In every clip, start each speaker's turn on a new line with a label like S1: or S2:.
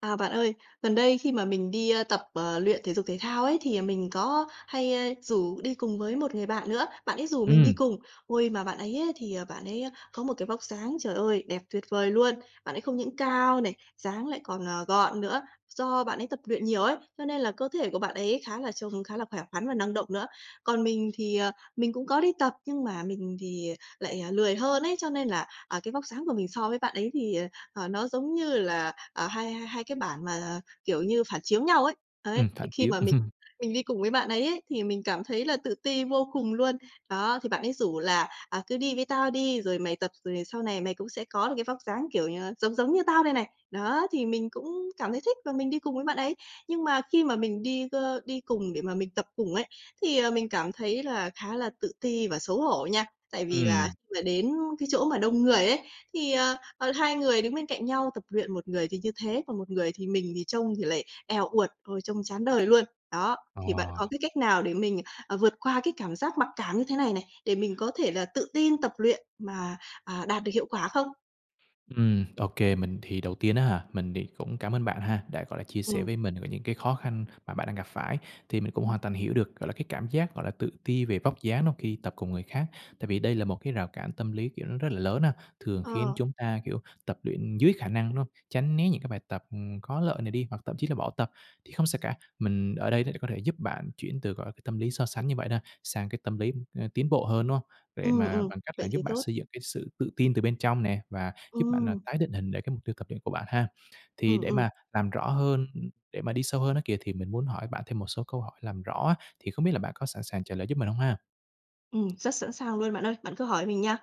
S1: À, bạn ơi, gần đây khi mà mình đi, ơ, tập, ờ, luyện thể dục thể thao ấy, thì mình có hay, ơ, rủ đi cùng với một người bạn nữa, bạn ấy rủ mình đi
S2: Ừm.
S1: cùng. Ôi, mà bạn ấy á, thì bạn ấy á, có một cái vóc dáng, trời ơi, đẹp tuyệt vời luôn. Bạn ấy không những cao này, dáng lại còn, ờ, gọn nữa, do bạn ấy tập luyện nhiều ấy, cho nên là cơ thể của bạn ấy khá là trông khá là khỏe khoắn và năng động nữa. Còn mình thì, ờ, mình cũng có đi tập, nhưng mà mình thì lại, ờ, lười hơn ấy, cho nên là, à, cái vóc dáng của mình so với bạn ấy thì, ờ, ờ, nó giống như là, ờ, hai hai cái bản mà, kiểu như, phản chiếu nhau ấy. Đấy,
S2: Ừm,
S1: thì
S2: phản
S1: khi
S2: chiếu.
S1: mà mình mình đi cùng với bạn ấy ấy, thì mình cảm thấy là tự ti vô cùng luôn. Đó, thì bạn ấy rủ là "À, cứ đi với tao đi, rồi mày tập, rồi sau này mày cũng sẽ có được cái vóc dáng, kiểu như, giống giống như tao đây này." Đó, thì mình cũng cảm thấy thích và mình đi cùng với bạn ấy. Nhưng mà khi mà mình đi, ơ, đi cùng để mà mình tập cùng ấy, thì, ờ, mình cảm thấy là khá là tự ti và xấu hổ nha. Tại vì là
S2: Ừm.
S1: là đến cái chỗ mà đông người ấy, thì, ờ, ờ, hai người đứng bên cạnh nhau tập luyện, một người thì như thế, còn một người thì mình thì trông thì lại èo uột, ôi, trông chán đời luôn. Đó, thì bạn có
S2: Ờ.
S1: cái cách nào để mình ờ, vượt qua cái cảm giác mặc cảm như thế này này, để mình có thể là tự tin tập luyện mà, à, đạt được hiệu quả không?
S2: Ừm, ô kê. Mình thì, đầu tiên á hả, mình thì cũng cảm ơn bạn ha, đã, gọi là, chia sẻ
S1: Ừm.
S2: với mình về những cái khó khăn mà bạn đang gặp phải, thì mình cũng
S1: Ừm.
S2: hoàn toàn hiểu được, gọi là, cái cảm giác, gọi là, tự ti về vóc dáng đó khi tập cùng người khác. Tại vì đây là một cái rào cản tâm lý, kiểu, nó rất là lớn ha, thường khiến
S1: Ờ.
S2: chúng ta, kiểu, tập luyện dưới khả năng nó, tránh né những cái bài tập, ừm, có lợi này đi, hoặc thậm chí là bỏ tập. Thì không sao cả, mình ở đây để có thể giúp bạn chuyển từ, gọi là, cái tâm lý so sánh như vậy đó, sang cái tâm lý, ơ, tiến bộ hơn, đúng hông? Để
S1: Ừm,
S2: mà
S1: ừm.
S2: bằng cách là
S1: Vậy
S2: giúp
S1: thì
S2: bạn
S1: tốt.
S2: xây dựng cái sự tự tin từ bên trong nè và giúp bạn, ờ,
S1: Ừm.
S2: tái định hình để cái mục tiêu tập luyện của bạn ha. Thì
S1: Ừm,
S2: để
S1: ừm.
S2: mà làm rõ hơn, ừm, để mà đi sâu hơn á kìa, thì mình muốn hỏi bạn thêm một số câu hỏi làm rõ á, thì không biết là bạn có sẵn sàng trả lời giúp mình hông ha?
S1: Ừm, rất sẵn sàng luôn bạn ơi. Bạn cứ hỏi mình nha.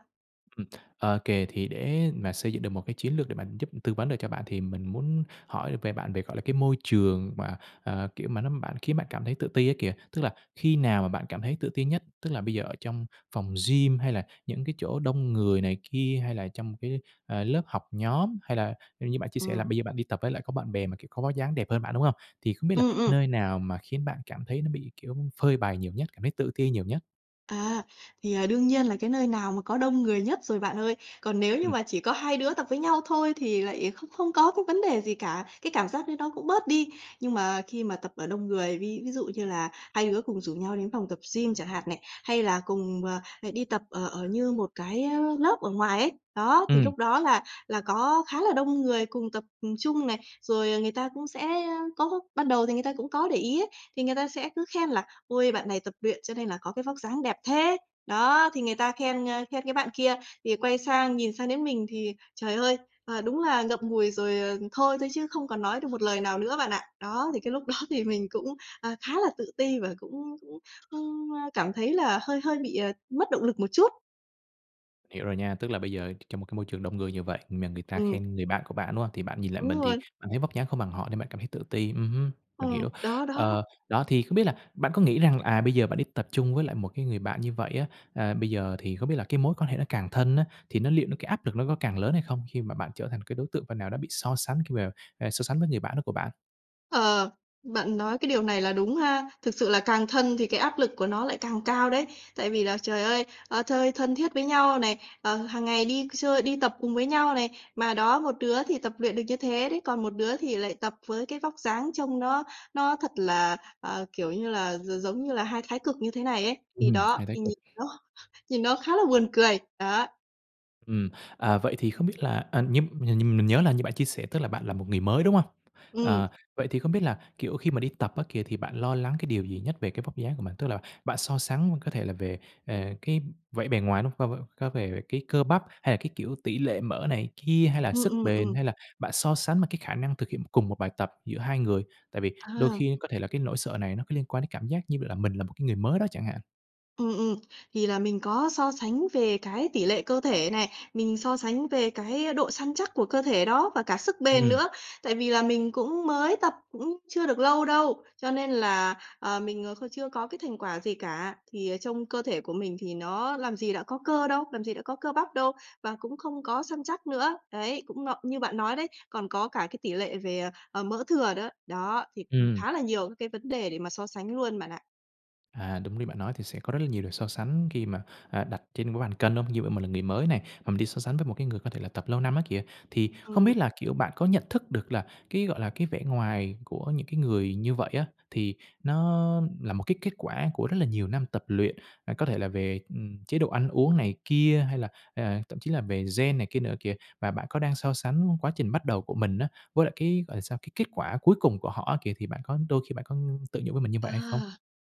S2: Ừm, OK, thì để mà xây dựng được một cái chiến lược để mà giúp tư vấn được cho bạn, thì mình muốn hỏi về bạn về, gọi là, cái môi trường mà, à, kiểu, mà nó bạn khiến bạn cảm thấy tự ti á kìa. Tức là khi nào mà bạn cảm thấy tự ti nhất? Tức là bây giờ ở trong phòng gym, hay là những cái chỗ đông người này kia, hay là trong cái, ờ, lớp học nhóm, hay là như bạn chia sẻ là
S1: Ừm.
S2: bây giờ bạn đi tập với lại có bạn bè, mà, kiểu, có vóc dáng đẹp hơn bạn, đúng hông? Thì không biết là
S1: Ừm, ừm.
S2: nơi nào mà khiến bạn cảm thấy nó bị, kiểu, phơi bày nhiều nhất, cảm thấy tự ti nhiều nhất?
S1: À, thì, ờ, đương nhiên là cái nơi nào mà có đông người nhất rồi bạn ơi. Còn nếu như
S2: Ừm.
S1: mà chỉ có hai đứa tập với nhau thôi, thì lại không không có cái vấn đề gì cả, cái cảm giác đấy nó cũng bớt đi. Nhưng mà khi mà tập ở đông người, ví ví dụ như là hai đứa cùng rủ nhau đến phòng tập gym chẳng hạn này, hay là cùng, à, à, đi tập ở ở như một cái, a, lớp ở ngoài ấy, đó, thì
S2: Ừm.
S1: lúc đó là là có khá là đông người cùng tập, ừm, chung này. Rồi người ta cũng sẽ, a, có ban đầu thì người ta cũng có để ý á, thì người ta sẽ cứ khen là "Ôi, bạn này tập luyện cho nên là có cái vóc dáng đẹp thế." Đó, thì người ta khen, ơ, khen cái bạn kia. Thì quay sang nhìn sang đến mình thì, trời ơi, ờ, đúng là ngậm ngùi rồi, ờ, thôi, thôi, chứ không còn nói được một lời nào nữa bạn ạ. Đó, thì cái lúc đó thì mình cũng, ờ, khá là tự ti và cũng cũng, ưm, ơ, cảm thấy là hơi hơi bị, ờ, mất động lực một chút.
S2: Hiểu rồi nha. Tức là bây giờ, trong một cái môi trường đông người như vậy, mà người ta
S1: Ừm.
S2: khen người bạn của bạn, đúng hông? Thì bạn nhìn lại
S1: Đúng
S2: mình, thì
S1: rồi.
S2: bạn thấy vóc dáng không bằng họ, nên bạn cảm thấy tự ti. Ừm hứm, mình
S1: Ừm,
S2: hiểu.
S1: đó đó.
S2: Ờ, đó, thì không biết là bạn có nghĩ rằng, à, bây giờ bạn đi tập chung với lại một cái người bạn như vậy á, à, bây giờ thì không biết là cái mối quan hệ nó càng thân á, thì nó liệu cái áp lực nó có càng lớn hay không, khi mà bạn trở thành cái đối tượng phần nào đó bị so sánh khi mà, ờ, so sánh với người bạn đó của bạn?
S1: Ờ, bạn nói cái điều này là đúng ha. Thực sự là càng thân thì cái áp lực của nó lại càng cao đấy. Tại vì là trời ơi, ơ, chơi thân thiết với nhau này, ờ, hàng ngày đi chơi, đi tập cùng với nhau này. Mà đó, một đứa thì tập luyện được như thế đấy, còn một đứa thì lại tập với cái vóc dáng trông nó nó thật là, ờ, kiểu như là, gi giống như là hai thái cực như thế này ấy. Thì
S2: Ừm,
S1: đó,
S2: hai thái
S1: thì nhìn
S2: cực.
S1: nó nhìn nó khá là buồn cười. Đó.
S2: Ừm, à, vậy thì không biết là à, nhum nh mình nhớ là như bạn chia sẻ, tức là bạn là một người mới, đúng hông?
S1: Ừm.
S2: À, vậy thì không biết là, kiểu, khi mà đi tập á kìa, thì bạn lo lắng cái điều gì nhất về cái vóc dáng của mình? Tức là bạn so sánh có thể là về, à, cái vẻ bề ngoài, đúng không? Có về cái cơ bắp hay là cái, kiểu, tỉ lệ mỡ này kia, hay là
S1: Ừm,
S2: sức
S1: ừm,
S2: bền,
S1: ừm.
S2: hay là bạn so sánh mà cái khả năng thực hiện cùng một bài tập giữa hai người? Tại vì đôi
S1: À!
S2: khi có thể là cái nỗi sợ này nó cứ liên quan đến cảm giác như là mình là một cái người mới đó chẳng hạn.
S1: Ừm, ừm. Thì là mình có so sánh về cái tỉ lệ cơ thể này, mình so sánh về cái, a, độ săn chắc của cơ thể đó và cả sức bền
S2: Ừm.
S1: nữa. Tại vì là mình cũng mới tập cũng chưa được lâu đâu, cho nên là, ờ, mình, ờ, chưa có cái thành quả gì cả. Thì trông cơ thể của mình thì nó làm gì đã có cơ đâu, làm gì đã có cơ bắp đâu, và cũng không có săn chắc nữa, đấy, cũng mập như bạn nói đấy, còn có cả cái tỉ lệ về, ờ, ờ, mỡ thừa đó. Đó, thì
S2: Ừm.
S1: khá là nhiều các cái vấn đề để mà so sánh luôn bạn ạ.
S2: À, đúng như bạn nói, thì sẽ có rất là nhiều điều so sánh khi mà, à, đặt trên cái bàn cân hông? Như vậy mình là người mới này, mà mình đi so sánh với một cái người có thể là tập lâu năm á kìa. Thì không biết
S1: Ừm.
S2: là, kiểu, bạn có nhận thức được là, cái gọi là, cái vẻ ngoài của những cái người như vậy á, thì nó là một cái kết quả của rất là nhiều năm tập luyện, à, có thể là về, ừm, chế độ ăn uống này kia, hay là, à, thậm chí là về gen này kia nữa kìa. Và bạn có đang so sánh quá trình bắt đầu của mình á, với lại cái, gọi là sao? Cái kết quả cuối cùng của họ á kìa, thì bạn có đôi khi bạn có tự nhủ với mình như vậy
S1: À!
S2: hay không?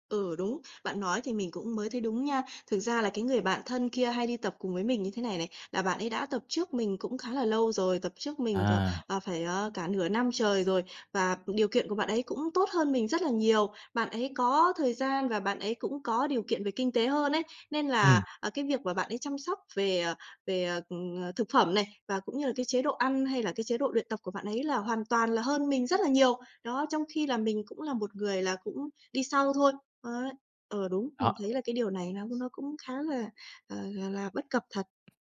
S1: Ừ, đúng. Bạn nói thì mình cũng mới thấy đúng nha. Thực ra là cái người bạn thân kia hay đi tập cùng với mình như thế này này, là bạn ấy đã tập trước mình cũng khá là lâu rồi, tập trước mình cả,
S2: À!
S1: ờ, phải, ờ, cả nửa năm trời rồi, và điều kiện của bạn ấy cũng tốt hơn mình rất là nhiều. Bạn ấy có thời gian và bạn ấy cũng có điều kiện về kinh tế hơn ấy. Nên là,
S2: Ừm.
S1: à, cái việc mà bạn ấy chăm sóc về, ờ, về, ờ, thực phẩm này và cũng như là cái chế độ ăn hay là cái chế độ luyện tập của bạn ấy là hoàn toàn là hơn mình rất là nhiều. Đó, trong khi là mình cũng là một người là cũng đi sau thôi, ấy. Ờ, đúng,
S2: Đó.
S1: mình thấy là cái điều này nó nó cũng khá là, ờ, là là bất cập thật.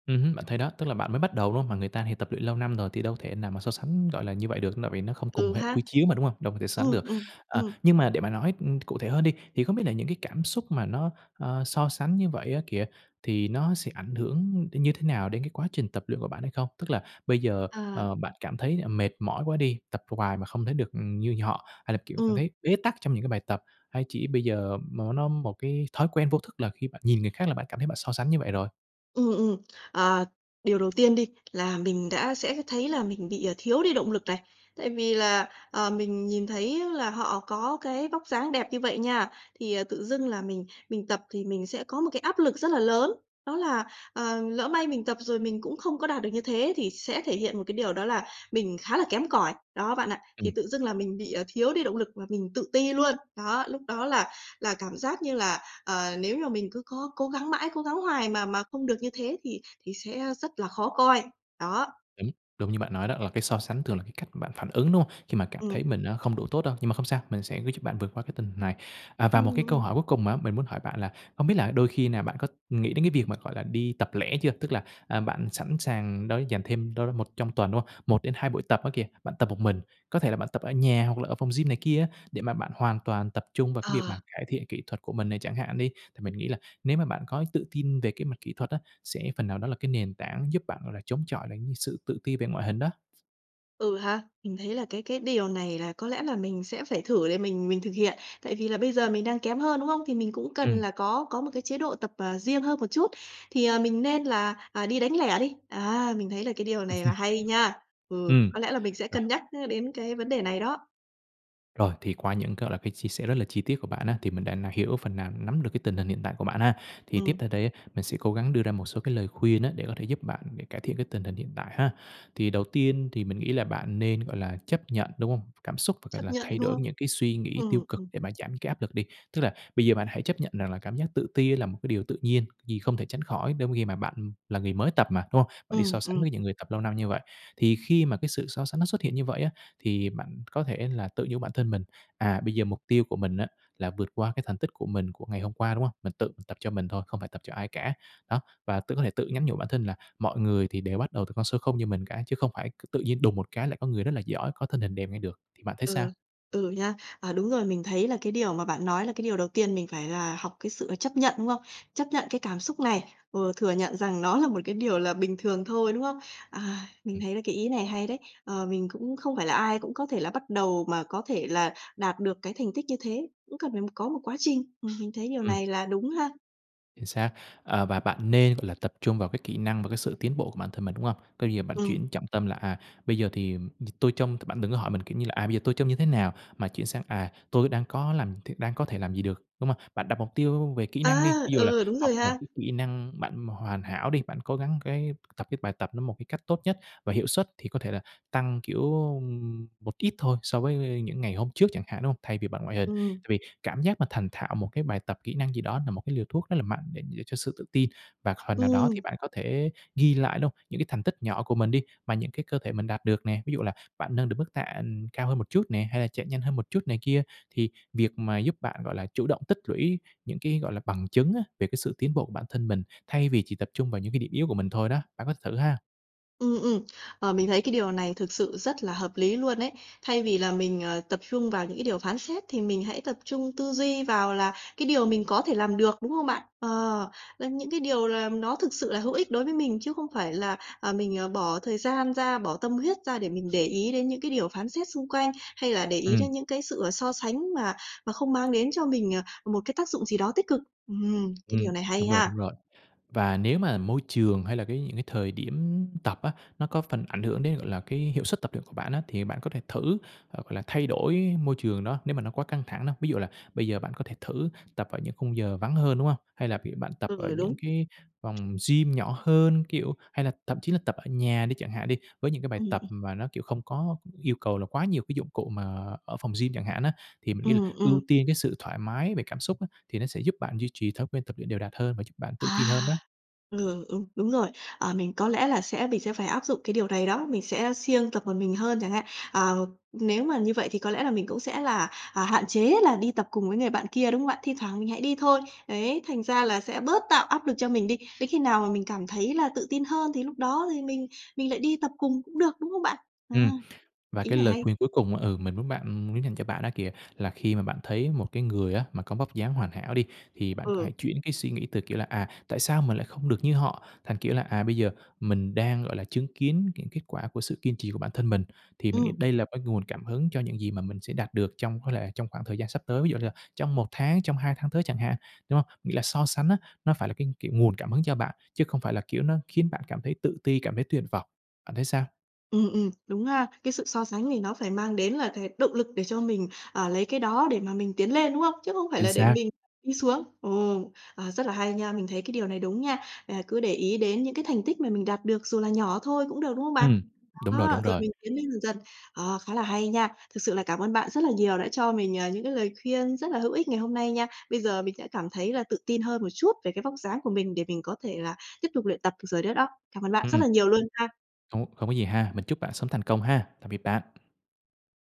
S2: Ừm hưm, bạn thấy đó, tức là bạn mới bắt đầu, đúng hông? Mà người ta thì tập luyện lâu năm rồi thì đâu thể nào mà so sánh, gọi là, như vậy được, tại vì nó không cùng
S1: Ừ
S2: hệ
S1: ha.
S2: quy chiếu mà, đúng hông? Đâu có thể sánh
S1: Ừm,
S2: được.
S1: ừm,
S2: À,
S1: ừm.
S2: nhưng mà để mà nói, ưm, cụ thể hơn đi, thì không biết là những cái cảm xúc mà nó, ờ, so sánh như vậy á kìa, thì nó sẽ ảnh hưởng đến như thế nào đến cái quá trình tập luyện của bạn hay không? Tức là bây giờ,
S1: Ờ.
S2: ờ, bạn cảm thấy, ờ, mệt mỏi quá đi, tập hoài mà không thấy được như họ, hay là kiểu cảm
S1: Ừm.
S2: thấy bế tắc trong những cái bài tập, hay chỉ bây giờ nó nó một cái thói quen vô thức là khi bạn nhìn người khác là bạn cảm thấy bạn so sánh như vậy rồi?
S1: Ừm, ừm. Ờ. Điều đầu tiên đi là mình đã sẽ thấy là mình bị, à, thiếu đi động lực này, tại vì là, ờ, mình nhìn thấy là họ có cái vóc dáng đẹp như vậy nha, thì, ờ, tự dưng là mình mình tập thì mình sẽ có một cái áp lực rất là lớn. Đó là, ờ, lỡ may mình tập rồi mình cũng không có đạt được như thế thì sẽ thể hiện một cái điều đó là mình khá là kém cỏi đó bạn ạ, thì
S2: Ừm.
S1: tự dưng là mình bị, à, thiếu đi động lực và mình tự ti luôn. Đó, lúc đó là là cảm giác như là, ờ, nếu mà mình cứ có cố gắng mãi, cố gắng hoài mà mà không được như thế thì thì sẽ rất là khó coi. Đó.
S2: Đúng. Đúng như bạn nói đó là cái so sánh thường là cái cách bạn phản ứng, đúng hông? Khi mà cảm thấy
S1: Ừm.
S2: mình á không đủ tốt đâu, nhưng mà không sao, mình sẽ giúp bạn vượt qua cái tình hình này. À, và
S1: Ừm,
S2: một cái câu
S1: ừm.
S2: hỏi cuối cùng á, mình muốn hỏi bạn là hông biết là đôi khi nào bạn có nghĩ đến cái việc mà, gọi là, đi tập lẻ chưa? Tức là, à, bạn sẵn sàng đó dành thêm đâu đó một trong tuần, đúng hông? 1-2 buổi tập á kìa, bạn tập một mình, có thể là bạn tập ở nhà, hoặc là ở phòng gym này kia á để mà bạn hoàn toàn tập trung vào cái việc
S1: Ờ.
S2: mà cải thiện kỹ thuật của mình này chẳng hạn đi. Thì mình nghĩ là nếu mà bạn có tự tin về cái mặt kỹ thuật á, sẽ phần nào đó là cái nền tảng giúp bạn, gọi là, chống chọi lại cái sự tự ti về ngoại hình đó.
S1: Ừ, ha. Mình thấy là cái cái điều này là có lẽ là mình sẽ phải thử để mình mình thực hiện. Tại vì là bây giờ mình đang kém hơn, đúng không? Thì mình cũng cần
S2: Ừm.
S1: là có có một cái chế độ tập, ờ, riêng hơn một chút, thì, ờ, mình nên là, à, đi đánh lẻ đi. Á, mình thấy là cái điều này là hay nha. Ừ,
S2: Ừm.
S1: có lẽ là mình sẽ
S2: Rồi.
S1: cân nhắc, ơ, đến cái vấn đề này đó.
S2: Rồi, thì qua những cái, gọi là, cái chia sẻ rất là chi tiết của bạn á, thì mình đã hiểu phần nào, nắm được cái tình hình hiện tại của bạn ha. Thì tiếp
S1: Ừm.
S2: theo đây á, mình sẽ cố gắng đưa ra một số cái lời khuyên á, để có thể giúp bạn cải thiện cái tình hình hiện tại ha. Thì đầu tiên thì mình nghĩ là bạn nên, gọi là, chấp nhận, đúng hông? Cảm xúc và, gọi
S1: Chấp
S2: là,
S1: nhận,
S2: thay
S1: đúng
S2: đổi
S1: không?
S2: những cái suy nghĩ tiêu
S1: Ừm,
S2: cực
S1: ừm.
S2: để mà giảm cái áp lực đi. Tức là bây giờ bạn hãy chấp nhận rằng là cảm giác tự ti là một cái điều tự nhiên, vì không thể tránh khỏi trong khi mà bạn là người mới tập mà, đúng hông? Bạn đi so
S1: Ừm,
S2: sánh
S1: ừm.
S2: với những người tập lâu năm như vậy. Thì khi mà cái sự so sánh nó xuất hiện như vậy á, thì bạn có thể là tự nhủ với bản thân mình, à, bây giờ mục tiêu của mình á, là vượt qua cái thành tích của mình của ngày hôm qua, đúng hông? Mình tự tập cho mình thôi, không phải tập cho ai cả. Đó, và tự có thể tự nhắn nhủ bản thân là mọi người thì đều bắt đầu từ con số không như mình cả, chứ không phải c tự nhiên đùng một cái lại có người rất là giỏi, có thân hình đẹp ngay được. Thì bạn thấy sao?
S1: Ừ, ừ nha. À, đúng rồi, mình thấy là cái điều mà bạn nói là cái điều đầu tiên mình phải là học cái sự chấp nhận, đúng không? Chấp nhận cái cảm xúc này, ừ, thừa nhận rằng nó là một cái điều là bình thường thôi, đúng không? À, mình
S2: Ừm.
S1: thấy là cái ý này hay đấy. Ờ, mình cũng không phải là ai cũng có thể là bắt đầu mà có thể là đạt được cái thành tích như thế, cũng cần phải có một quá trình. Ừm, mình thấy điều
S2: Ừm.
S1: này là đúng ha.
S2: Chính xác. Ờ, và bạn nên, gọi là, tập trung vào cái kỹ năng và cái sự tiến bộ của bản thân mình, đúng hông? Coi như là bạn
S1: Ừm.
S2: chuyển trọng tâm là, à, bây giờ thì tôi trông bạn đừng có hỏi mình, kiểu như là, à, bây giờ tôi trông như thế nào, mà chuyển sang, à, tôi đang có làm th đang có thể làm gì được, đúng hông? Bạn đặt mục tiêu về kỹ năng đi,
S1: A,
S2: ví dụ là
S1: ừ, đúng
S2: học
S1: rồi
S2: một
S1: ha!
S2: cái kỹ năng bạn hoàn hảo đi, bạn cố gắng cái tập cái bài tập nó một cái cách tốt nhất, và hiệu suất thì có thể là tăng, kiểu, một ít thôi so với những ngày hôm trước chẳng hạn, đúng hông? Thay vì bằng ngoại hình.
S1: Ừm.
S2: Tại vì cảm giác mà thành thạo một cái bài tập kỹ năng gì đó là một cái liều thuốc rất là mạnh để giữ cho sự tự tin, và phần nào đó thì
S1: Ừm.
S2: bạn có thể ghi lại, đúng hông? Những cái thành tích nhỏ của mình đi, mà những cái cơ thể mình đạt được nè. Ví dụ là bạn nâng được mức tạ, ừm, cao hơn một chút nè, hay là chạy nhanh hơn một chút này kia. Thì việc mà giúp bạn, gọi là, chủ động tích lũy những cái, gọi là, bằng chứng á, về cái sự tiến bộ của bản thân mình, thay vì chỉ tập trung vào những cái điểm yếu của mình thôi đó, bạn có thử ha.
S1: Ừm, ừm. Ờ, mình thấy cái điều này thực sự rất là hợp lý luôn ấy. Thay vì là mình, ờ, tập trung vào những cái điều phán xét thì mình hãy tập trung tư duy vào là cái điều mình có thể làm được, đúng hông bạn? Ờ, làm những cái điều là nó thực sự là hữu ích đối với mình, chứ không phải là, à, mình, ờ, bỏ thời gian ra, bỏ tâm huyết ra để mình để ý đến những cái điều phán xét xung quanh, hay là để ý đến
S2: Ừm.
S1: những cái sự, ờ, so sánh mà mà không mang đến cho mình, ờ, một cái tác dụng gì đó tích cực. Ừm, cái điều
S2: Ừm,
S1: này hay
S2: đúng rồi,
S1: ha.
S2: đúng rồi. Và nếu mà môi trường hay là cái những cái thời điểm tập á, nó có phần ảnh hưởng đến, gọi là, cái hiệu suất tập luyện của bạn á, thì bạn có thể thử hoặc là thay đổi môi trường đó nếu mà nó quá căng thẳng đó. Ví dụ là bây giờ bạn có thể thử tập ở những khung giờ vắng hơn, đúng hông? Hay là bạn tập ở
S1: Ừ,
S2: những
S1: đúng.
S2: cái phòng gym nhỏ hơn, kiểu hay là thậm chí là tập ở nhà đi chẳng hạn đi, với những cái bài
S1: Ừm,
S2: tập
S1: ừm.
S2: mà nó, kiểu, không có yêu cầu là quá nhiều cái dụng cụ mà ở phòng gym chẳng hạn á. Thì mình nghĩ là
S1: Ừm,
S2: ưu
S1: ừm.
S2: tiên cái sự thoải mái về cảm xúc á thì nó sẽ giúp bạn duy trì thói quen tập luyện đều đặn hơn và giúp bạn tự tin hơn
S1: À!
S2: đó.
S1: L ừ, đúng, đúng rồi. Ờ, mình có lẽ là sẽ mình sẽ phải áp dụng cái điều này đó, mình sẽ siêng tập một mình hơn chẳng hạn. À, nếu mà như vậy thì có lẽ là mình cũng sẽ là, à, hạn chế là đi tập cùng với người bạn kia, đúng hông bạn? Thi thoảng mình hãy đi thôi, đấy, thành ra là sẽ bớt tạo áp lực cho mình đi. Đến khi nào mà mình cảm thấy là tự tin hơn thì lúc đó thì mình mình lại đi tập cùng cũng được, đúng không bạn? À,
S2: Ừm, và
S1: ý
S2: cái
S1: này
S2: lời
S1: hay.
S2: khuyên cuối cùng, ừ, mình muốn bạn, ừm muốn dành cho bạn đó kìa, là khi mà bạn thấy một cái người á mà có vóc dáng hoàn hảo đi, thì bạn có
S1: Ừ.
S2: hãy chuyển cái suy nghĩ từ, kiểu là "À, tại sao mình lại không được như họ?" thành, kiểu là "À, bây giờ mình đang, gọi là, chứng kiến những kết quả của sự kiên trì của bản thân mình." Thì mình nghĩ
S1: Ừm.
S2: đây là cái nguồn cảm hứng cho những gì mà mình sẽ đạt được trong có lẽ trong khoảng thời gian sắp tới, ví dụ như là trong 1 tháng, trong 2 tháng tới chẳng hạn, đúng hông? Nghĩa là so sánh á, nó phải là cái, kiểu, nguồn cảm hứng cho bạn, chứ không phải là, kiểu, nó khiến bạn cảm thấy tự ti, cảm thấy tuyệt vọng. Bạn thấy sao?
S1: Ừm, ừm, đúng ha. Cái sự so sánh này nó phải mang đến là th động lực để cho mình, ờ, lấy cái đó để mà mình tiến lên, đúng không? Chứ không phải
S2: Chính
S1: là để
S2: xác.
S1: mình đi xuống. Ồ, ờ, rất là hay nha, mình thấy cái điều này đúng nha, à, cứ để ý đến những cái thành tích mà mình đạt được, dù là nhỏ thôi cũng được, đúng hông bạn?
S2: Ừm, đúng rồi, đúng
S1: Đó, rồi
S2: rồi.
S1: mình tiến lên dần dần. Ờ, khá là hay nha! Thực sự là cảm ơn bạn rất là nhiều đã cho mình, ờ, những cái lời khuyên rất là hữu ích ngày hôm nay nha. Bây giờ mình sẽ cảm thấy là tự tin hơn một chút về cái vóc dáng của mình để mình có thể là tiếp tục luyện tập được rồi đó đó. Cảm ơn bạn rất
S2: Ừm.
S1: là nhiều luôn ha!
S2: Hông có hông có gì ha, mình chúc bạn sớm thành công ha! Tạm biệt bạn.